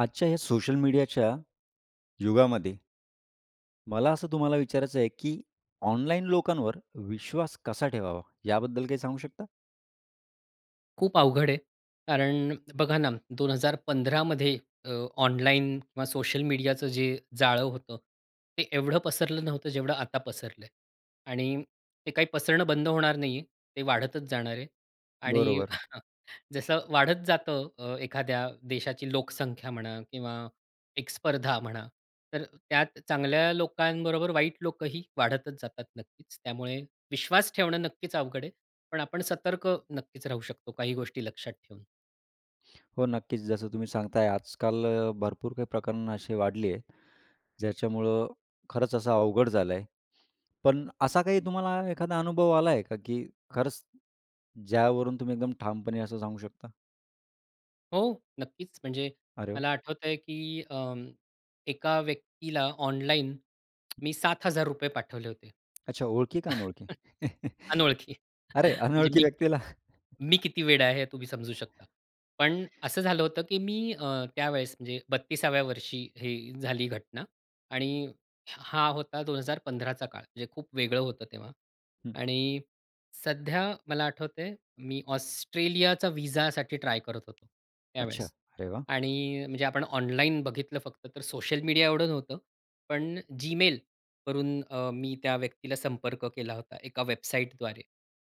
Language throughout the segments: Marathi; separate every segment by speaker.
Speaker 1: आजच्या ह्या सोशल मीडियाच्या युगामध्ये, मला असं तुम्हाला विचारायचं आहे की ऑनलाईन लोकांवर विश्वास कसा ठेवावा, याबद्दल काही सांगू शकता?
Speaker 2: खूप अवघड आहे. कारण बघा ना, 2015 मध्ये अ, ऑनलाईन किंवा सोशल मीडियाचं जे जाळं होतं, ते एवढं पसरलं नव्हतं जेवढं आता पसरलंय. आणि ते काही पसरणं बंद होणार नाहीये, ते वाढतच जाणार आहे. आणि
Speaker 1: बरोबर.
Speaker 2: जसं वाढत जातं अ, एखाद्या देशाची लोकसंख्या म्हणा किंवा एक स्पर्धा म्हणा. तर त्यात चांगल्या लोकांबरोबर वाईट लोकही वाढतच जातात, नक्कीच. त्यामुळे विश्वास ठेवणं नक्कीच अवघड आहे पण आपण सतर्क नक्कीच राहू शकतो, काही गोष्टी लक्षात ठेवून.
Speaker 1: हो नक्कीच जसं तुम्ही सांगताय, आजकाल अ, भरपूर काही प्रकरणं अशी वाढली आहे; ज्याच्यामुळं खरंच असं अवघड झालं आहे. पण असा काही तुम्हाला एखादा अनुभव आलाय आहे का की खरंच ज्यावरून तुम्ही एकदम ठामपणे असं सांगू शकता?
Speaker 2: हो, नक्कीच. म्हणजे
Speaker 1: अरे!
Speaker 2: मला आठवतंय की अ, एका व्यक्तीला ऑनलाइन, मी ₹7000 पाठवले होते.
Speaker 1: अच्छा ओळखी का अनोळखी?
Speaker 2: अनोळखी.
Speaker 1: अरे
Speaker 2: म्हणजे
Speaker 1: अनोळखी
Speaker 2: मी
Speaker 1: व्यक्तीला.
Speaker 2: मी किती वेडा आहे हे तुम्ही समजू शकता. पण असं झालं होतं की मी अ, त्यावेळेस म्हणजे 32व्या वर्षी हे झाली घटना. आणि हा होता 2015चा काळ, म्हणजे खूप वेगळं होतं तेव्हा.
Speaker 1: हं.
Speaker 2: आणि सध्या मला आठवतंय मी ऑस्ट्रेलियाचा व्हिसासाठी ट्राय करत होतो
Speaker 1: अच्छा
Speaker 2: त्यावेळेस.
Speaker 1: अरे वाह!
Speaker 2: आणि म्हणजे आपण ऑनलाईन बघितलं फक्त तर सोशल मीडिया एवढं नव्हतं, पण Gmail वरून अ, मी त्या व्यक्तीला संपर्क केला होता, एका वेबसाईटद्वारे.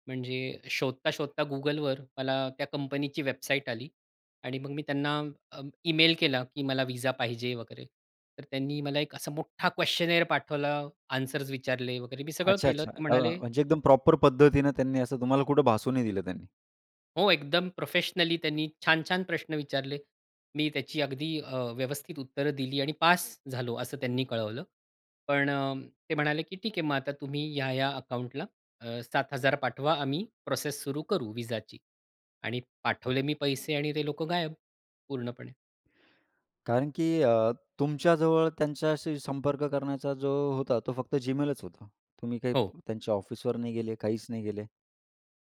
Speaker 2: म्हणजे शोधता-शोधता Googleवर मला त्या कंपनीची वेबसाईट आली आणि मग मी त्यांना अ, ई-मेल केला की मला व्हिसा पाहिजे वगैरे, तर त्यांनी मला एक असा मोठ्ठा क्वेश्‍चनेअर पाठवला, अन्सर्स विचारले वगैरे. मी सगळं
Speaker 1: अच्छा,
Speaker 2: केलं
Speaker 1: अच्छा.
Speaker 2: ते
Speaker 1: अ,
Speaker 2: म्हणाले,
Speaker 1: म्हणजे एकदम प्रॉपर पद्धतीने त्यांनी असं तुम्हाला कुठं भासू नाही दिलं त्यांनी.
Speaker 2: हो, एकदम प्रोफेशनली त्यांनी छान-छान प्रश्न विचारले. मी त्याची अगदी अ, व्यवस्थित उत्तरं दिली आणि पास झालो, असं त्यांनी कळवलं. पण अ, ते म्हणाले, की "ठीक हे, मग आता तुम्ही ह्या-ह्या अकाउंटला अ, 7000 पाठवा. आम्ही प्रोसेस सुरू करू व्हिसाची." आणि पाठवले मी पैसे आणि ते लोकं गायब, पूर्णपणे.
Speaker 1: कारण की अ, तुमच्याजवळ त्यांच्याशी संपर्क करण्याचा जो होता, तो फक्त Gmailच होता. तुम्ही काही
Speaker 2: हो.
Speaker 1: त्यांच्या ऑफिसवर नाही गेले, काहीच नाही गेले.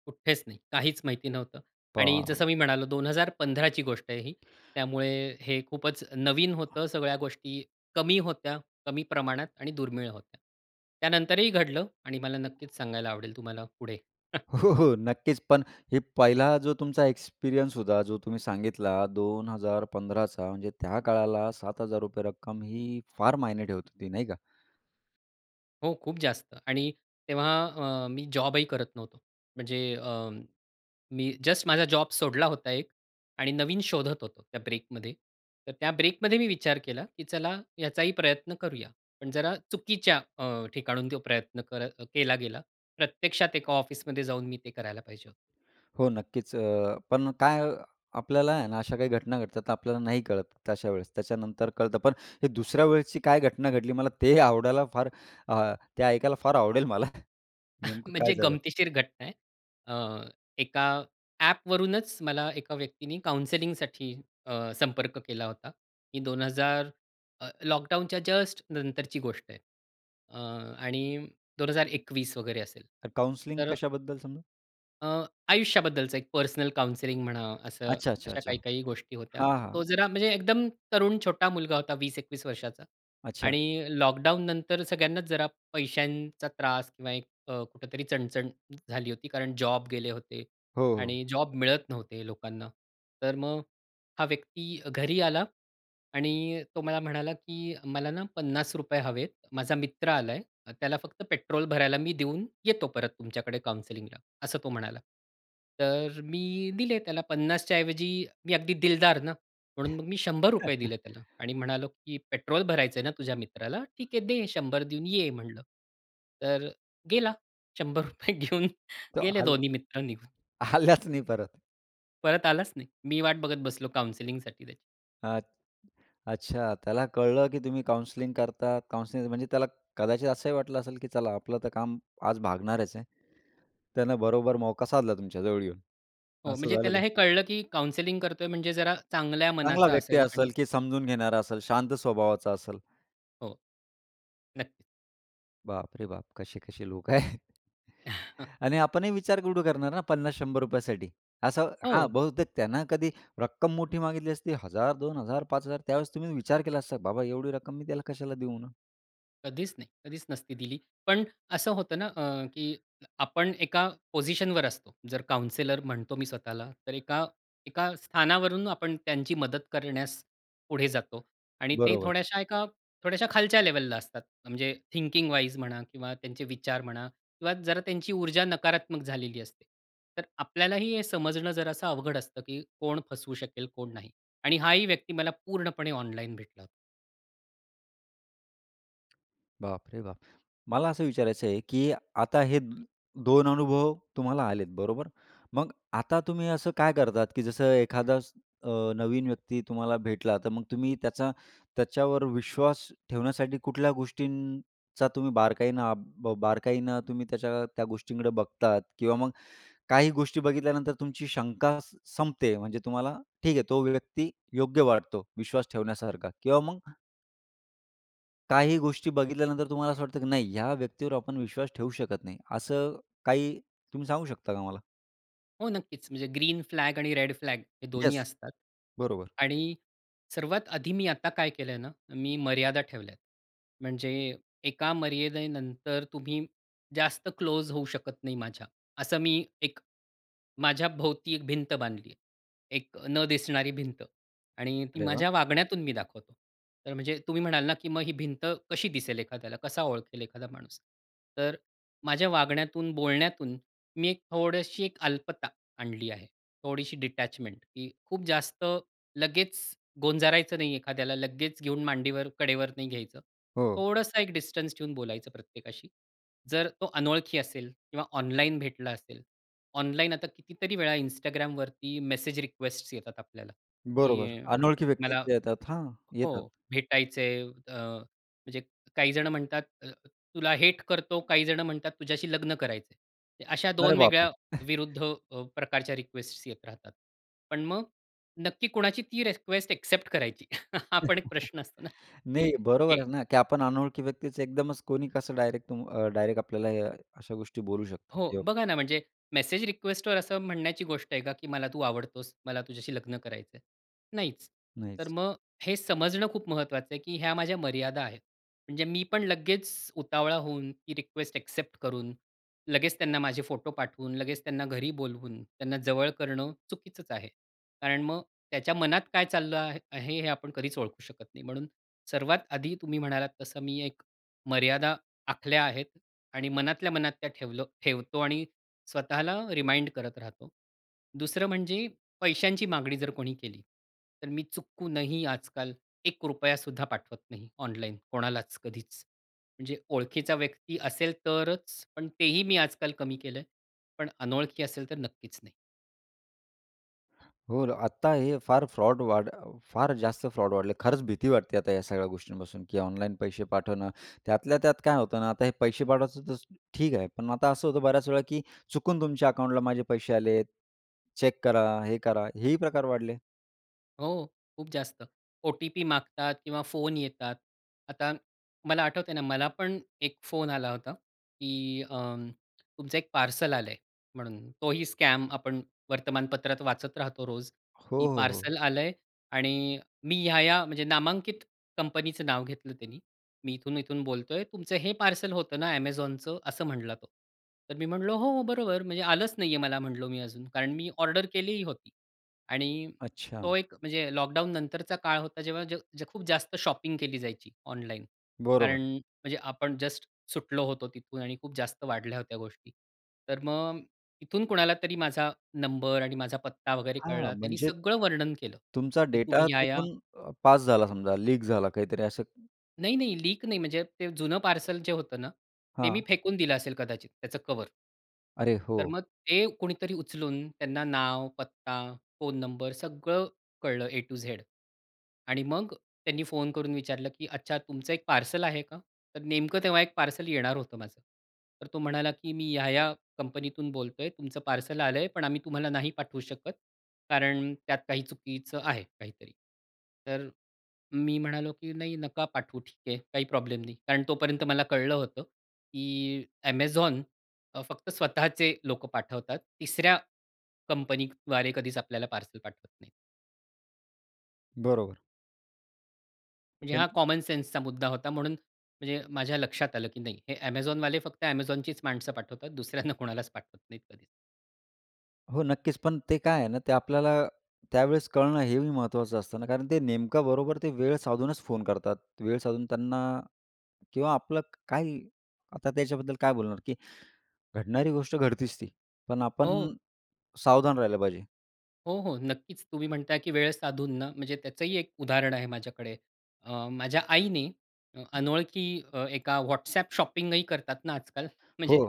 Speaker 2: कुठेच नाही, काहीच माहिती नव्हतं. आणि
Speaker 1: पहा.
Speaker 2: जसं मी म्हणालो, 2015ची गोष्ट आहे ही. त्यामुळे हे खूपच नवीन होतं. सगळ्या गोष्टी कमी होत्या, कमी प्रमाणात आणि दुर्मिळ होत्या. त्यानंतरही घडलं आणि मला नक्कीच सांगायला आवडेल तुम्हाला पुढे.
Speaker 1: हो, हो, नक्कीच. पण हे पहिला जो तुमचा एक्सपिरियन्स होता, जो तुम्ही सांगितला 2015चा, म्हणजे त्या काळाला ₹7,000 रक्कम ही फार मायने ठेवत होती, नाही का?
Speaker 2: हो, खूप जास्त. आणि तेव्हा अ, मी जॉबही करत नव्हतो. म्हणजे अ, मी जस्ट माझा जॉब सोडला होता एक आणि नवीन शोधत होतो त्या ब्रेकमध्ये. तर त्या ब्रेकमध्ये मी विचार केला, की चला याचाही प्रयत्न करूया. पण जरा चुकीच्या अ, ठिकाणहून तो प्रयत्न कर केला गेला. प्रत्यक्षात एका ऑफिसमध्ये जाऊन मी ते करायला पाहिजे होतं.
Speaker 1: हो, नक्कीच, अ, पण काय, आपल्याला आहे ना, अशा काही घटना घडतात तर आपल्याला नाही कळत तशा वेळेस. त्याच्यानंतर कळतं. पण हे दुसऱ्या वेळेसची काय घटना घडली, मला ते आवडायला फार अ, ते ऐकायला फार आवडेल मला. नेमकं काय
Speaker 2: म्हणजे
Speaker 1: झालं.
Speaker 2: गमतीशीर घटना आहे. अ, एका ॲपवरूनच मला एका व्यक्तीने काउंसिलिंगसाठी अ, संपर्क केला होता, की 2000 अ, लॉकडाउनच्या जस्ट नंतरची गोष्ट आहे अ, आणि 2021 वगैरे असेल.
Speaker 1: त काउन्सिलिंग
Speaker 2: तर
Speaker 1: कशाबद्दलचं मग?
Speaker 2: अ, आयुष्याबद्दलचं एक पर्सनल काउन्सिलिंग म्हणा, असं अशा
Speaker 1: अच्छा-अच्छा-अच्छा.
Speaker 2: काही-काही गोष्टी होत्या.
Speaker 1: हां,
Speaker 2: तो
Speaker 1: हां.
Speaker 2: जरा म्हणजे एकदम तरुण छोटा मुलगा होता, 20-21 वर्षाचा.
Speaker 1: अच्छा.
Speaker 2: आणि लॉकडाउननंतर सगळ्यांनाच जरा पैशांचा त्रास किंवा एक अ, कुठेतरी चणचण झाली होती. कारण जॉब गेले होते
Speaker 1: हो, हो.
Speaker 2: आणि जॉब मिळत नव्हते लोकांना. तर मग हा व्यक्ती घरी आला आणि तो मला म्हणाला की "मला ना ₹50 हवेत. माझा मित्र आलाय, त्याला फक्त पेट्रोल भरायला मी देऊन येतो परत तुमच्याकडे काउन्सिलिंगला." असं तो म्हणाला. तर मी दिले त्याला. 50च्या ऐवजी मी अगदी दिलदार ना, म्हणून मग मी ₹100 दिले त्याला. आणि म्हणालो की "पेट्रोल भरायचंय ना तुझ्या मित्राला? ठीक आहे, दे 100 देऊन ये," म्हणलं. तर गेला ₹100 घेऊन.
Speaker 1: तो
Speaker 2: गेले
Speaker 1: आला
Speaker 2: दोन्ही मित्र निघून.
Speaker 1: आलाच नाही परत.
Speaker 2: परत आलाच नाही. मी वाट बघत बसलो काउन्सिलिंगसाठी त्याची.
Speaker 1: आत अच्छा. त्याला कळलं, की तुम्ही काउन्सिलिंग करता. काउन्सिलिंग म्हणजे त्याला कदाचित असंही वाटलं असेल, की चला आपलं तर काम आज भागणारच आहे. त्यानं बरोबर मौका साधला तुमच्या जवळ येऊन.
Speaker 2: हो. म्हणजे
Speaker 1: असं झालं
Speaker 2: त्याला
Speaker 1: तर.
Speaker 2: हे कळलं, की काउन्सिलिंग करतोय म्हणजे जरा चांगल्या
Speaker 1: चांगला
Speaker 2: मनाचा
Speaker 1: व्यक्ती
Speaker 2: असेल आणि
Speaker 1: असेल? की समजून घेणारा असेल, शांत स्वभावाचा असेल.
Speaker 2: हो. नक्की.
Speaker 1: बापरे बाप! कसे-कसे लोकं आहेत. आणि आपणही विचार कुठं करणार ना 50-100 रुपयासाठी. असं हां
Speaker 2: हो.
Speaker 1: बहुतेक त्याने कधी रक्कम मोठी मागितली असती 1000, 2000, 5000 त्यावेळेस तुम्ही विचार केला असता बाबा एवढी रक्कम मी त्याला कशाला देऊ म्हणून?
Speaker 2: कधीच नाही कधीच नसती दिली. पण असं होतं ना अ, की आपण एका पोझिशनवर असतो. जर काउन्सिलर म्हणतो मी स्वतःला तर एका एका स्थानावरून आपण त्यांची मदत करण्यास पुढे जातो आणि ते
Speaker 1: बरोबर.
Speaker 2: थोड्याशा एका थोड्याशा खालच्या लेव्हलला असतात. म्हणजे थिंकिंग वाईज म्हणा किंवा त्यांचे विचार म्हणा किंवा जरा त्यांची ऊर्जा नकारात्मक झालेली असते. तर आपल्यालाही हे समजणं जरासा अवघड असतं, की कोण फसवू शकेल कोण नाही आणि हाही व्यक्ती मला पूर्णपणे ऑनलाईन भेटला होता.
Speaker 1: बापरे बाप! मला असं विचारायचं आहे, की आता हे 2 अनुभव तुम्हाला आलेत बरोबर? मग आता तुम्ही असं काय करतात, की जसं एखादा अ, नवीन व्यक्ती तुम्हाला भेटला तर मग तुम्ही त्याचा त्याच्यावर विश्वास ठेवण्यासाठी कुठल्या गोष्टींचा तुम्ही बारकाईनं बा बारकाईनं तुम्ही त्याच्या त्या गोष्टीकडं बघतात? किंवा मग काही गोष्टी बघितल्यानंतर तुमची शंका स संपते म्हणजे तुम्हाला ठीक आहे तो व्यक्ती योग्य वाटतो विश्वास ठेवण्यासारखा किंवा मग काही गोष्टी बघितल्यानंतर तुम्हाला असं वाटतं, की "नाही, ह्या व्यक्तीवर आपण विश्वास ठेवू शकत नाही." असं काही तुम्ही सांगू शकता का मला?
Speaker 2: हो, नक्कीच. म्हणजे ग्रीन फ्लॅग आणि रेड फ्लॅग हे दोन्ही
Speaker 1: यस,
Speaker 2: असतात.
Speaker 1: बरोबर.
Speaker 2: आणि सर्वात आधी मी आता काय केलंय ना, मी मर्यादा ठेवल्यात. म्हणजे एका मर्यादेनंतर तुम्ही जास्त क्लोज होऊ शकत नाही माझ्या. असं मी एक माझ्याभोवती एक भिंत बांधली आहे. एक अ, न दिसणारी भिंत आणि ती
Speaker 1: अरे वाह!
Speaker 2: माझ्या वागण्यातून मी दाखवतो. तर म्हणजे तुम्ही म्हणाल ना की "मग ही भिंत कशी दिसेल एखाद्याला? कसा ओळखेल एखादा माणूस?" तर माझ्या वागण्यातून, बोलण्यातून मी एक थोडीशी एक अल्पता आणली आहे. थोडीशी डिटॅचमेंट, की खूप जास्त लगेच गोंजारायचं नाही एखाद्याला, लगेच घेऊन मांडीवर, कडेवर नाही घ्यायचं.
Speaker 1: हो.
Speaker 2: थोडासा एक डिस्टन्स ठेऊन बोलायचं प्रत्येकाशी. जर तो अनोळखी असेल किंवा ऑनलाईन भेटला असेल. ऑनलाइन आता कितीतरी वेळा Instagramवरती मेसेज रिक्वेस्टस येतात आपल्याला,
Speaker 1: बरोबर.
Speaker 2: की
Speaker 1: अनोळखी व्यक्ती
Speaker 2: मला
Speaker 1: जे येतात हां,
Speaker 2: हो
Speaker 1: येतात.
Speaker 2: भेटायचंय. अ, म्हणजे काही जण म्हणतात, "तुला हेट करतो, काही जण म्हणतात तुझ्याशी लग्न करायचं आहे." अशा
Speaker 1: अरे
Speaker 2: 2
Speaker 1: बापरे!
Speaker 2: वेगळ्या विरुद्ध अ, प्रकारच्या रिक्वेस्टस येत राहतात. पण मग नक्की कोणाची ती रिक्वेस्ट एक्सेप्ट करायची हा पण एक प्रश्न असतो ना, की
Speaker 1: नाही, बरोबर
Speaker 2: एक
Speaker 1: आहे ना, की आपण अनोळखी व्यक्तीच एकदमच कोणी कसं डायरेक्ट अ, डायरेक्ट आपल्याला या अशा गोष्टी बोलू शकतो
Speaker 2: हो
Speaker 1: किंवा
Speaker 2: बघा ना, म्हणजे मेसेज रिक्वेस्टवर असं म्हणण्याची गोष्ट आहे का की "मला तू आवडतोस. मला तुझ्याशी लग्न करायचं आहे."? नाहीच. तर
Speaker 1: नाहीच.
Speaker 2: मग हे समजणं खूप महत्त्वाचं आहे, की ह्या माझ्या मर्यादा आहेत. म्हणजे मी पण लगेच उतावळा होऊन ती रिक्वेस्ट एक्सेप्ट करून, लगेच त्यांना माझे फोटो पाठवून, लगेच त्यांना घरी बोलवून, त्यांना जवळ करणं चुकीचंच आहे. कारण मग त्याच्या मनात काय चाललं आहे हे आपण कधीच ओळखू शकत नाही. म्हणून सर्वात आधी तुम्ही म्हणालात तसं मी एक मर्यादा आखल्या आहेत. आणि मनातल्या मनात त्या ठेवलं ठेवतो आणि स्वतःला रिमाइंड करत राहतो. दुसरं म्हणजे पैशांची मागणी जर कोणी केली, तर मी चुकूनही आजकाल 1 रुपयासुद्धा पाठवत नाही ऑनलाईन कोणालाच, कधीच. म्हणजे ओळखीचा व्यक्ती असेल तरच. पण तेही मी आजकाल कमी केलंय, पण अनोळखी असेल तर नक्कीच नाही.
Speaker 1: हो, आता हे फार फ्रॉड वाढ फार जास्त फ्रॉड वाढले. खरंच भीती वाटते आता या सगळ्या गोष्टींपासून, की ऑनलाईन पैसे पाठवणं. त्यातल्या त्यात काय होतं ना, आता हे पैसे पाठवायचं तर ठीक आहे. पण आता असं होतं बर्‍याच वेळा, की चुकून तुमच्या अकाउंटला माझे पैसे आलेत, चेक करा, हे करा. हेही प्रकार वाढले.
Speaker 2: हो, खूप जास्त. ओ-टी-पी मागतात किंवा फोन येतात. आता मला आठवतंय ना, मला पण एक फोन आला होता, की अ, तुमचं एक पार्सल आलं आहे म्हणून. तोही स्कॅम. आपण वर्तमानपत्रात वाचत राहतो रोज,
Speaker 1: हो,
Speaker 2: की
Speaker 1: हो, हो.
Speaker 2: पार्सल आलंय आणि मी ह्या-ह्या म्हणजे नामांकित कंपनीचं नाव घेतलं त्यानी. मी इथून-इथून बोलतोय. "तुमचं हे पार्सल होतं ना Amazonचं," असं म्हटला तो. तर मी म्हटलं, "हो, बरोबर. म्हणजे आलंच नाही आहे मला," म्हटलो मी, "अजून." कारण मी ऑर्डर केलीही होती. आणि,
Speaker 1: अच्छा.
Speaker 2: तो एक म्हणजे लॉकडाऊननंतरचा काळ होता, जेव्हा खूप जास्त शॉपिंग केली जायची ऑनलाईन.
Speaker 1: बरोबर.
Speaker 2: कारण म्हणजे आपण जस्ट सुटलो होतो तिथून आणि खूप जास्त वाढल्या होत्या गोष्टी. तर मग इथून कुणाला तरी माझा नंबर आणि माझा पत्ता वगैरे
Speaker 1: हां,
Speaker 2: कळला. त्यांनी
Speaker 1: म्हणजे
Speaker 2: सगळं वर्णन केलं,
Speaker 1: तुमचा
Speaker 2: की तुम्ही
Speaker 1: डेटा
Speaker 2: ह्या-ह्या
Speaker 1: तिथून अ, पास झाला समजा, लीक झाला काहीतरी असं.
Speaker 2: नाही, नाही. लीक नाही. म्हणजे ते जुनं पार्सल जे होतं ना, ते मी
Speaker 1: हां.
Speaker 2: फेकून दिलं असेल कदाचित त्याचं कव्हर.
Speaker 1: अरे!
Speaker 2: तर
Speaker 1: हो.
Speaker 2: मग ते कोणीतरी उचलून, त्यांना नाव, पत्ता, फोन नंबर, सगळं कळलं ए टू झेड आणि मग त्यांनी फोन करून विचारलं की "अच्छा तुमचं एक पार्सल आहे का?" तर नेमकं तेव्हा एक पार्सल येणार होतं माझं. तर तो म्हणाला की "मी या-या कंपनीतून बोलतोय तुमचं पार्सल आलंय पण आम्ही तुम्हाला नाही पाठवू शकत कारण त्यात काही चुकीचं आहे काहीतरी." तर मी म्हणालो की "नाही, नका पाठवू ठीक आहे. काही प्रॉब्लेम नाही." कारण तोपर्यंत मला कळलं होतं की Amazon अ, फक्त स्वतःचे लोकं पाठवतात. तिसऱ्या कंपनीद्वारे कधीच आपल्याला पार्सल पाठवत नाहीत.
Speaker 1: बरोबर.
Speaker 2: म्हणजे हा
Speaker 1: [unintelligible]
Speaker 2: कॉमन सेन्सचा मुद्दा होता म्हणून म्हणजे माझ्या लक्षात आलं की नाही हे Amazonवाले फक्त Amazonचीच माणसं पाठवतात. दुसऱ्यांना कोणालाच पाठवत नाहीत कधी.
Speaker 1: हो, नक्कीच. पण ते काय आहे ना ते आपल्याला त्यावेळेस कळणं हे बी महत्त्वाचं असतं ना, कारण ते नेमकं बरोबर ते वेळ साधूनच फोन करतात. वेळ साधून त्यांना किंवा आपलं क काही आता त्याच्याबद्दल काय बोलणार की घडणारी गोष्ट घडतेच ती. पण आपण
Speaker 2: हो.
Speaker 1: सावधान राहायला पाहिजे.
Speaker 2: हो, हो, नक्कीच. तुम्ही म्हणताय, की वेळ साधून ना. म्हणजे त्याचंही 1 उदाहरण आहे माझ्याकडे. अ, माझ्या आईने अनोळखी एका WhatsApp शॉपिंग ही करतात ना आजकाल.
Speaker 1: हो.
Speaker 2: म्हणजे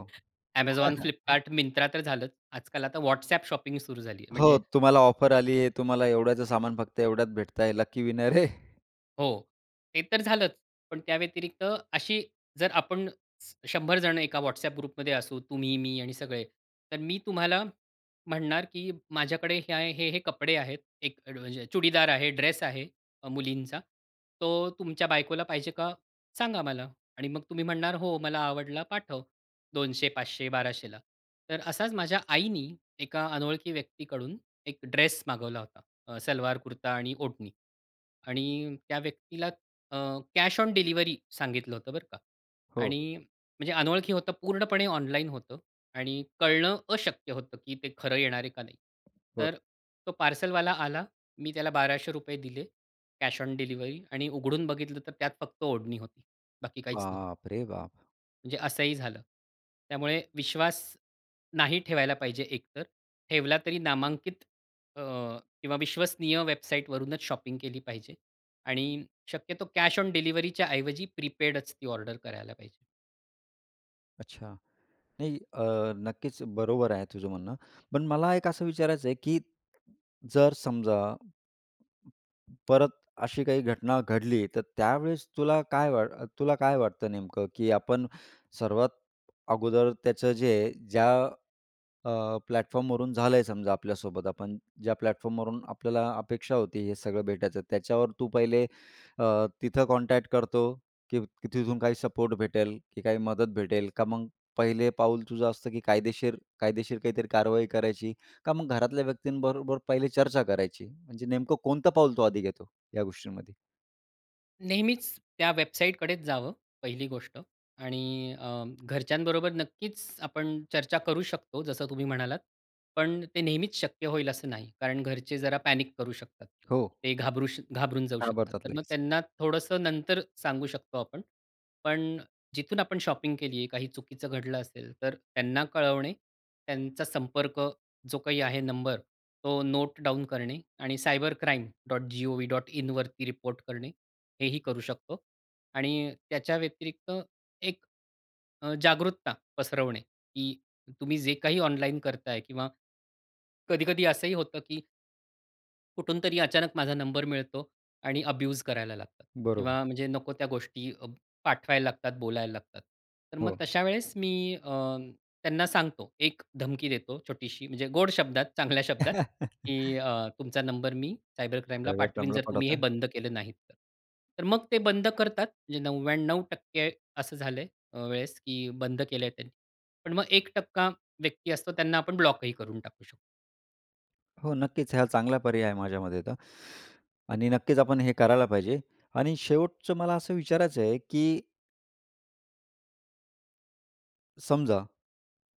Speaker 2: Amazon, Flipkart, Myntra तर झालंच. आजकाल आता WhatsApp शॉपिंग सुरू झाली आहे.
Speaker 1: हो,
Speaker 2: म्हणजे
Speaker 1: तुम्हाला ऑफर आली आहे. तुम्हाला एवढ्याचं सामान फक्त एवढ्यात भेटत आहे, लकी विनर आहे.
Speaker 2: हो, ते तर झालंच. पण त्याव्यतिरिक्त अशी जर आपण 100 जण एका WhatsApp ग्रुपमध्ये असू, तुम्ही, मी आणि सगळे. तर मी तुम्हाला म्हणणार, की माझ्याकडे हे, हे, हे कपडे आहेत. एक चुडीदार आहे, ड्रेस आहे अ, मुलींचा. तो तुमच्या बायकोला पाहिजे का, सांगा मला. आणि मग तुम्ही म्हणणार, हो मला आवडला, पाठव. 200, 500, 1200ला ला. तर असाच माझ्या आईनी एका अनोळखी व्यक्तीकडून एक ड्रेस मागवला होता. अ, सलवार, कुर्ता आणि ओढणी. आणि त्या व्यक्तीला अ, कॅश ऑन डिलिव्हरी सांगितलं होतं बरं का.
Speaker 1: हो.
Speaker 2: आणि म्हणजे अनोळखी होतं पूर्णपणे ऑनलाईन होतं. आणि कळणं अशक्य होतं, की ते खरं येणार आहे का नाही.
Speaker 1: बरं.
Speaker 2: तर तो पार्सलवाला आला. मी त्याला ₹1200 दिले, कॅश ऑन डिलिव्हरी आणि उघडून बघितलं, तर त्यात फक्त ओढणी होती. बाकी काहीच नव्हतं.
Speaker 1: बाप रे बाप!
Speaker 2: म्हणजे असंही झालं. त्यामुळे विश्वास नाही ठेवायला पाहिजे एकतर. ठेवला तरी नामांकित अ, किंवा विश्वसनीय वेबसाईटवरूनच शॉपिंग केली पाहिजे. आणि शक्यतो कॅश ऑन डिलिव्हरीच्या ऐवजी प्रीपेडच ती ऑर्डर करायला पाहिजे.
Speaker 1: अच्छा. नाही अ, नक्कीच बरोबर आहे, तुझं म्हणणं. पण मला एक असं विचारायचं आहे की जर समजा, परत अशी काही घटना घडली, तर त्यावेळेस तुला काय वाट तुला काय वाटतं नेमकं की आपण सर्वात अगोदर त्याचं जे ज्या अ, प्लॅटफॉर्मवरून झालंय समजा आपल्यासोबत, आपण ज्या प्लॅटफॉर्मवरून आपल्याला अपेक्षा होती, हे सगळं भेटायचं. त्याच्यावर तू पहिले अ, तिथं कॉन्टॅक्ट करतो, की तिथून काही सपोर्ट भेटेल, की काही मदत भेटेल, का मग पहिले पाऊल तुझं असतं की कायदेशीर कायदेशीर काहीतरी कारवाई करायची, का मग घरातल्या व्यक्ती बरोबर पहिले चर्चा करायची? म्हणजे नेमकं कोणतं पाऊल तू आधी घेतो, या गोष्टींमध्ये?
Speaker 2: नेहमीच त्या वेबसाईटकडेच जावं पहिली गोष्ट आणि अ, घरच्यांबरोबर नक्कीच आपण चर्चा करू शकतो, जसं तुम्ही म्हणालात. पण ते नेहमीच शक्य होईल असं नाही, कारण घरचे जरा पॅनिक करू शकतात.
Speaker 1: हो.
Speaker 2: ते घाबरू श घाबरून जाऊ शकतात.
Speaker 1: घाबरतात
Speaker 2: तर मग
Speaker 1: लगेच.
Speaker 2: त्यांना थोडंसं नंतर सांगू शकतो आपण. पण जिथून आपण शॉपिंग केली आहे काही चुकीचं घडलं असेल, तर त्यांना कळवणे, त्यांचा संपर्क जो काही आहे नंबर, तो नोट डाउन करणे आणि cybercrime.gov.in वरती रिपोर्ट करणे, हे ही करू शकतो आणि त्याच्या व्यतिरिक्त एक अ, जागरूकता पसरवणे की तुम्ही जे काही ऑनलाईन करताय किंवा कधी-कधी असं ही होतं की कुठून तरी अचानक माझा नंबर मिळतो आणि अब्यूज करायला लागतात
Speaker 1: बरोबर.
Speaker 2: किंवा म्हणजे नको त्या गोष्टी पाठवायला लागतात, बोलायला लागतात. तर मग
Speaker 1: हो.
Speaker 2: तशा वेळेस मी अ, त्यांना सांगतो, एक धमकी देतो छोटीशी, म्हणजे गोड शब्दात, चांगल्या शब्दात, की अ, तुमचा नंबर मी सायबर क्राईमला
Speaker 1: सायबर
Speaker 2: पाठवीन,
Speaker 1: क्राईमला
Speaker 2: जर तुम्ही हे
Speaker 1: पाठवता.
Speaker 2: बंद केले नाहीत तर. तर मग ते बंद करतात. म्हणजे 99% असं झालंय अ, वेळेस की बंद केलंय ते. पण मग 1% व्यक्ती असतो, त्यांना आपण ब्लॉकही करून टाकू शकतो.
Speaker 1: हो, नक्कीच, हां. चांगला पर्याय आहे माझ्यामते तर. आणि नक्कीच आपण हे करायला पाहिजे. आणि शेवटचं मला असं विचारायचं आहे, की समजा,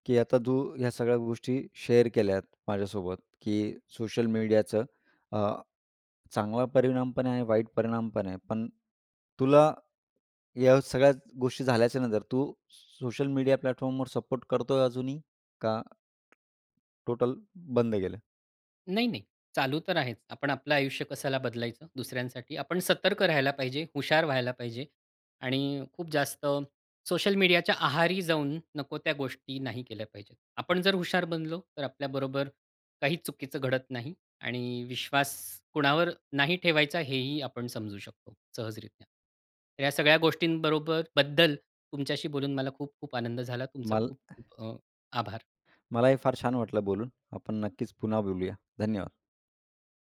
Speaker 1: की आता तू ह्या सगळ्या गोष्टी शेअर केल्यात माझ्यासोबत, की सोशल मीडियाचं अ, चांगला परिणाम पण आहे, वाईट परिणाम पण आहे. पण तुला या सगळ्या गोष्टी झाल्याच्या नंतर, तू स सोशल मीडिया प्लॅटफॉर्मवर सपोर्ट करतोय अजूनही? का टोटल बंद केलंय.
Speaker 2: नाही, नाही. चालू तर आहेच. आपण आपलं आयुष्य कशाला बदलायचं दुसऱ्यांसाठी? आपण सतर्क राहायला पाहिजे, हुशार व्हायला पाहिजे. आणि खूप जास्त सोशल मीडियाच्या आहारी जाऊन, नको त्या गोष्टी नाही केल्या पाहिजेत. आपण जर हुशार बनलो, तर आपल्याबरोबर काही चुकीचं घडत नाही. आणि विश्वास कोणावर नाही ठेवायचा, हेही आपण समजू शकतो, सहजरीत्या. तर या सगळ्या गोष्टींबरोबर बद्दल तुमच्याशी बोलून मला खूप खूप आनंद झाला. तुमचा
Speaker 1: माल
Speaker 2: खूप
Speaker 1: [unintelligible]
Speaker 2: खूप अ, आभार.
Speaker 1: मलाही फार छान वाटलं बोलून. आपण नक्कीच पुन्हा बोलूया. धन्यवाद.